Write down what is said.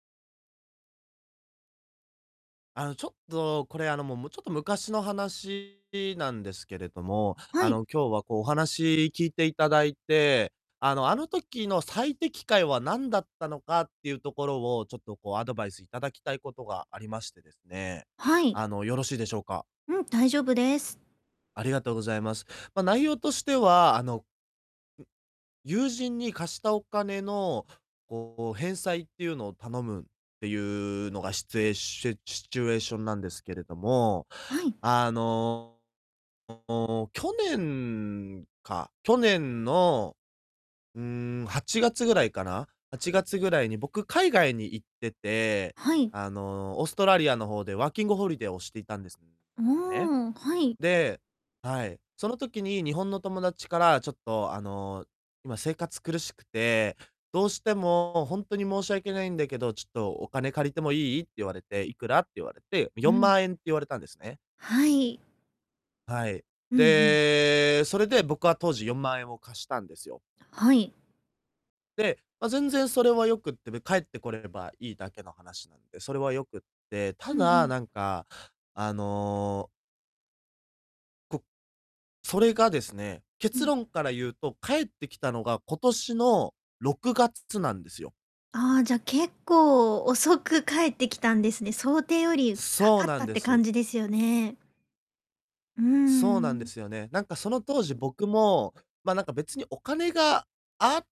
あの、ちょっとこれ、あの、もう、も、ちょっと昔の話なんですけれども、はあい。の、今日は、こう、お話聞いていただいて、あの、あの時の最適解は何だったのかっていうところを、ちょっとこう、アドバイスいただきたいことがありましてですね、はい。あの、よろしいでしょうか？うん、大丈夫です。ありがとうございます。ま、内容としては、あのう友人に貸したお金の、こう、返済っていうのを頼むっていうのが、シツエシュチュシチュエーションなんですけれども。はい。あの、去年か去年の、うーん、8月ぐらいかな、8月ぐらいに、僕、海外に行ってて、はい。あの、オーストラリアの方でワーキングホリデーをしていたんですんね。おお、はい。ではい、その時に日本の友達から、ちょっと、あの「今、生活苦しくて、どうしても、ほんとに申し訳ないんだけど、ちょっとお金借りてもいい？」って言われて、「いくら？」って言われてう「よんん。まんえん」って言われたんですね。はい。はい。うんうん。で、それで僕は当時、4万円を貸したんですよ。はい。で、ま、全然それは良くて、で、返ってこれればいいだけの話なんで、それはよくて、たうんうだ、なん。んか、あのこそれがですね、う結ん。論から言うと、返ってきたのが、今年の6月つなんですよ。ああ、じゃ、結構、遅く返ってきたんですね。想定よりかそうかっなたんっでてす。感じですよね。うーそうなんでん。すよね。なんかその当時、僕も、ま、なんか別に、お金があ